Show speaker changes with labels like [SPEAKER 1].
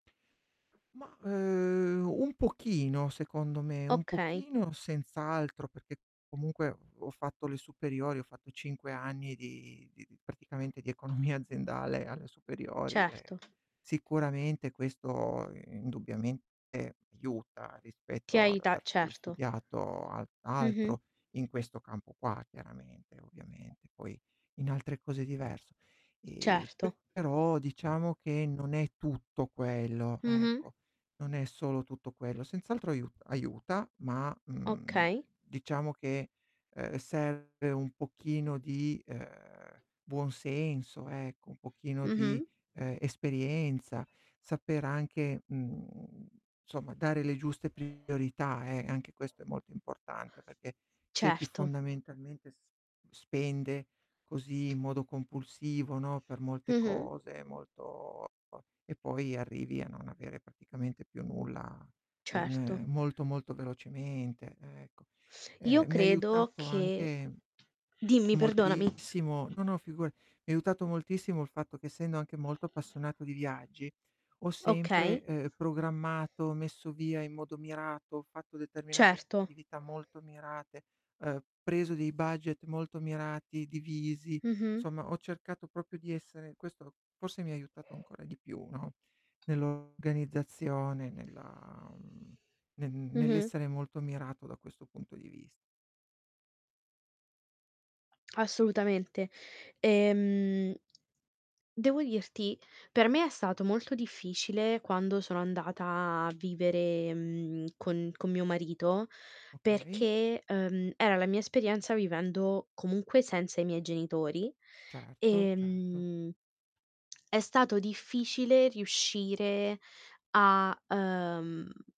[SPEAKER 1] Ma, uhm, un pochino, secondo me, un
[SPEAKER 2] Okay.
[SPEAKER 1] pochino senz'altro, perché comunque ho fatto le superiori, ho fatto 5 anni di di di praticamente di economia aziendale alle superiori
[SPEAKER 2] Certo.
[SPEAKER 1] e sicuramente questo indubbiamente aiuta
[SPEAKER 2] Ti
[SPEAKER 1] rispetto ad
[SPEAKER 2] aiuta,
[SPEAKER 1] aver stu ehm,
[SPEAKER 2] certo.
[SPEAKER 1] studiato al
[SPEAKER 2] Mh-mh.
[SPEAKER 1] altro in questo campo qua chiaramente, ovviamente, poi in altre cose è diverso. Ehm,
[SPEAKER 2] Certo.
[SPEAKER 1] però diciamo che non è tutto quello,
[SPEAKER 2] Mh-mh.
[SPEAKER 1] ecco. Non è solo tutto quello, senz'altro aiu aiuta, ma, mhmm,
[SPEAKER 2] Okay.
[SPEAKER 1] diciamo che, ehm, serve un pochino di, ehm, buon senso ecco, un pochino di,
[SPEAKER 2] Mh-mh.
[SPEAKER 1] ehm, esperienza, saper anche, mhmm, insomma dare le giuste priorità eh, anche questo è molto importante perché c'è chi
[SPEAKER 2] Certo.
[SPEAKER 1] fondamentalmente s spende così in modo compulsivo, no, per molte
[SPEAKER 2] Mh-mh.
[SPEAKER 1] cose molto e po e poi arrivi a non avere praticamente più nulla
[SPEAKER 2] Certo.
[SPEAKER 1] in molto, molto velocemente ecco.
[SPEAKER 2] Io
[SPEAKER 1] Ehm, mi ha
[SPEAKER 2] credo
[SPEAKER 1] aiutato
[SPEAKER 2] che
[SPEAKER 1] anche
[SPEAKER 2] dimmi perdonami.
[SPEAKER 1] moltissimo, no no figura mi ha aiutato moltissimo il fatto che essendo anche molto appassionato di viaggi, ho sempre,
[SPEAKER 2] Okay.
[SPEAKER 1] ehm, programmato, messo via in modo mirato, ho fatto determinate
[SPEAKER 2] Certo.
[SPEAKER 1] attività molto mirate, ehm, preso dei budget molto mirati, divisi,
[SPEAKER 2] Mh-mh.
[SPEAKER 1] insomma ho cercato proprio di essere questo forse mi ha aiutato ancora di più, no, nell' organizzazione, nella mhmm, n
[SPEAKER 2] Mh-mh.
[SPEAKER 1] nell'essere molto mirato da questo punto di vis
[SPEAKER 2] Assolutamente. Ehm, devo dirti, per me è stato molto difficile quando sono andata a vivere, mhmm, con con mio marito,
[SPEAKER 1] Okay.
[SPEAKER 2] perché, ehm, era la mia esperienza vivendo comunque senza i miei genitori,
[SPEAKER 1] Certo, certo.
[SPEAKER 2] ehm, è stato difficile riuscire a, uhm